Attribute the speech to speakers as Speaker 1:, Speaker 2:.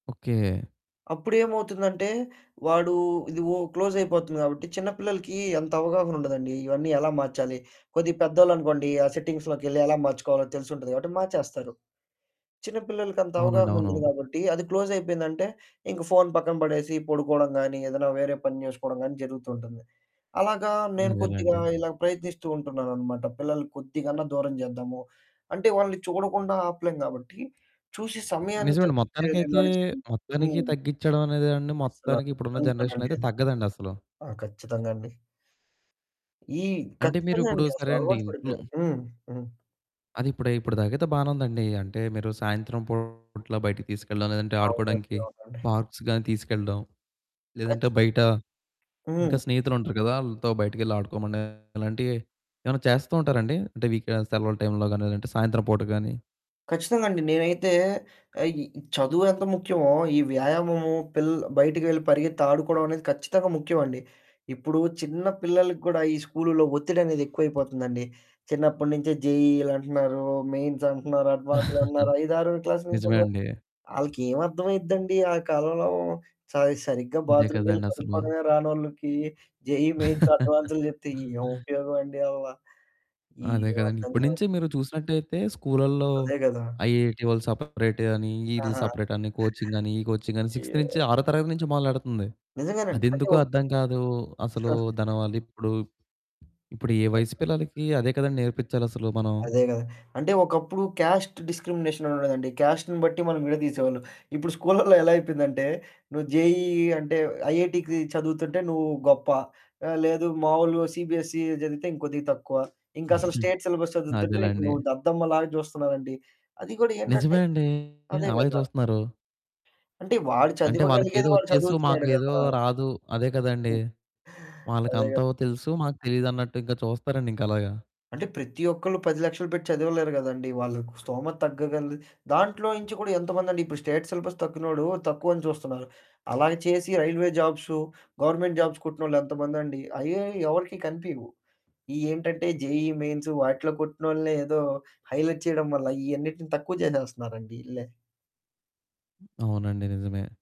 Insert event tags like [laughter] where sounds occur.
Speaker 1: Okay.
Speaker 2: అప్పుడేమవుతుందంటే వాడు ఇది ఒ క్లోజయిపోతుంది కాబట్టి, చిన్న పిల్లలకి అంత అవగాహనుండదండి. ఇవన్నీ ఎలా మార్చాలి? కొద్దిగా పెద్దోళ్ళనుకోండి ఆ సెట్టింగ్స్‌లోకెళ్లి ఎలా మార్చుకోవాలో తెలిసుంటది కాబట్టి మార్చేస్తారు. చిన్నపిల్లలకంత
Speaker 1: అవునండి.
Speaker 2: అవగాహన
Speaker 1: అవును.
Speaker 2: ఉండదు కాబట్టి, అది క్లోజయిపోయిందంటే ఇంక ఫోను పక్కన పడేసి పడుకోడం గాని, ఏదన్నా వేరే పని జేసుకోడం గాని జరుగుతూ ఉంటుంది. అలాగా నేను కొద్దిగా
Speaker 1: అదేలెండి.
Speaker 2: ఇలా ప్రయత్నిస్తూ ఉంటున్నాననమాట. పిల్లలు కొద్దిగన్నా దూరం చేద్దాము అంటే వాళ్ళని చూడకుండా ఆపలేం గాబట్టి చూసే సమయాన్ని
Speaker 1: నిజమండి.
Speaker 2: తగ్గించ్చే
Speaker 1: మొత్తానికైతే
Speaker 2: విధంలాగ చేయాలి.
Speaker 1: మొత్తానికి
Speaker 2: హ్మ్.
Speaker 1: తగ్గించడం అనేదేవండి
Speaker 2: అస్సల
Speaker 1: మొత్తానికి ఇప్పుడున్న
Speaker 2: కాని
Speaker 1: జనరేషన్‌లో
Speaker 2: పనండి
Speaker 1: అయితే
Speaker 2: అది.
Speaker 1: తగ్గదండి అసలు.
Speaker 2: ఆ! ఖచ్చితంగా అండి. ఈ
Speaker 1: అంటే
Speaker 2: ఖచ్చితంగా
Speaker 1: మీరిప్పుడు
Speaker 2: అండి అసల
Speaker 1: సరే అండి
Speaker 2: అలవాటు
Speaker 1: ఇంట్లో
Speaker 2: పడిపోయారు. హ్మ్. హ్మ్.
Speaker 1: అది ఇప్పుడై ఇప్పుడు దాకయితే బానే ఉందండి. అంటే మీరు సాయంత్రం పూట్ల బయటికి తీసుకెల్లడం, లేదంటే
Speaker 2: అవునండి.
Speaker 1: ఆడుకోడానికి
Speaker 2: అవునండి.
Speaker 1: పార్క్స్ గాని తీసుకెళ్ళడం, లేదంటే
Speaker 2: ఖచ్చితంగా!
Speaker 1: బయట
Speaker 2: హ్మ్.
Speaker 1: ఇంకా స్నేహితులుంటారు గదా ఆళ్ళతో బయటికెళ్ళి ఆడుకోమని ఇలాంటివి ఏవన్నా చేస్తూ ఉంటారండి? అంటే వీకెండ్ సెలవుల టైంలో గాని, లేదంటే సాయంత్రం పూట గాని
Speaker 2: ఖచ్చితంగా అండి. నేనైతే ఆహ్, ఇ చదువెంత ముఖ్యమో ఈ వ్యాయామము పిల్లల బయటికి వెళ్లి పరిగెత్తి ఆడుకోవడం అనేది ఖచ్చితంగా ముఖ్యమండి. ఇప్పుడు చిన్న పిల్లలకి గూడా ఈ స్కూలులో ఒత్తిడనేది ఎక్కువైపోతుందండి. చిన్నప్పడి నుంచే జేఈఈలంటన్నారు మెయిన్స్ అంటున్నారు, అడ్వాన్స్‌లంటన్నారు.
Speaker 1: [chuckles]
Speaker 2: ఐదారో క్లాసు నుంచి
Speaker 1: నిజమే
Speaker 2: కూడా,
Speaker 1: అండి.
Speaker 2: ఆళ్ళకేం అర్థమైద్దండి ఆ కాలంలో స సరిగ్గా
Speaker 1: అదే
Speaker 2: బాత్‌రూమ్‌కెళ్లి
Speaker 1: కదండీ అసలు.
Speaker 2: కడుక్కోడమే రానోళ్ళకి జేఈఈ మెయిన్స్ అడ్వాన్సులు
Speaker 1: [chuckles]
Speaker 2: జెప్తే ఏం ఉపయోగమండి అవ్వ
Speaker 1: అదే
Speaker 2: ఏం
Speaker 1: కదండి.
Speaker 2: అర్ధం
Speaker 1: ఇప్పడు
Speaker 2: కావట్లేదు.
Speaker 1: నుంచే మీరు చూసినట్టయితే స్కూళ్ళల్లో
Speaker 2: అదే గదా!
Speaker 1: ఐఐటీ వాళ్ళు సపరేట్ అని, ఈళ్ళు
Speaker 2: ఆహా!
Speaker 1: సపరేట్ అని కోచింగ్ అని ఈ కోచింగ్ అని సిక్స్‌త్ నుంచి
Speaker 2: అయ్యో!
Speaker 1: ఆరో తరగతి నుంచి మొదలెడుతంది.
Speaker 2: నిజంగానండి. అంటె
Speaker 1: అదెందుకో
Speaker 2: ఒ
Speaker 1: అర్థం కాదు. అసలు
Speaker 2: [chuckles]
Speaker 1: దాని వాళ్ళు ఇప్పుడు ఇప్పుడు ఏ వయసు పిల్లలకి అదే కదండి నేర్పిచ్చాలసలు మనం.
Speaker 2: అదే గదా! అంటే ఒకప్పుడు క్యాస్ట్ డిస్‌క్రిమినేషన్ అనుండేదండి. క్యాస్ట్‌ని బట్టి మనం విడదీసేవాళ్ళు. ఇప్పుడు స్కూళ్ళల్లో ఎలా అయిపోయిందంటే నువ్వు జెఈఈ అంటే ఐఐటీకి చదువుతుంటే నువ్వు గొప్ప. ఆ! లేదు మామూలు సిబిఎస్ఈ చదివితే ఇంకొద్దిగా తక్కువ. ఇంకసలు
Speaker 1: [chuckles]
Speaker 2: స్టేట్ సిలబస్ చదువుతుంటే నీకు
Speaker 1: అదేలెండి.
Speaker 2: నువ్వు దద్దమ్మ లాగా జూస్తున్నారండి. అది గూడా ఏంటంటే
Speaker 1: నిజమే అండి.
Speaker 2: అదే
Speaker 1: అలాగే
Speaker 2: గదా!
Speaker 1: చూస్తున్నారు.
Speaker 2: అంటే వాడు
Speaker 1: అంటే వాళ్ళకేదో
Speaker 2: చదవగలిగేది వాడు
Speaker 1: ఒచ్చేసు మాకు
Speaker 2: చదువుతున్నాడు
Speaker 1: ఏదో
Speaker 2: గదా!
Speaker 1: రాదు అదే కదండి! వాళ్ళకి
Speaker 2: అదే గదా.
Speaker 1: అంతో తెలుసు మాకు తెలీదన్నట్టు ఇంకా చూస్తారండి ఇంక అలాగా.
Speaker 2: అంటే ప్రతి ఒక్కళ్ళు 10,00,000 పెట్టి చదవలేరు గదండి. వాళ్ళకు స్తోమత తగ్గగలది దాంట్లో నుంచి గూడా ఎంతమందండి ఇప్పుడు స్టేట్ సిలబస్ తక్కినోడు తక్కువని చూస్తున్నారు. అలాగ చేసి రైల్వే జాబ్స్, గవర్నమెంట్ జాబ్స్ కొట్టినోళ్లు ఎంతమందండి. అయ్యే ఎవరికీ కనిపియవు. ఇయేంటంటే జేఈఈ మెయిన్స్ వాటిలో కొట్టినోళ్ళనే ఏదో హైలైట్ చేయడం వల్ల ఇయన్నిటిని తక్కువ చేసేస్తున్నారండి ఈళ్ళే.
Speaker 1: అవునండి నిజమే.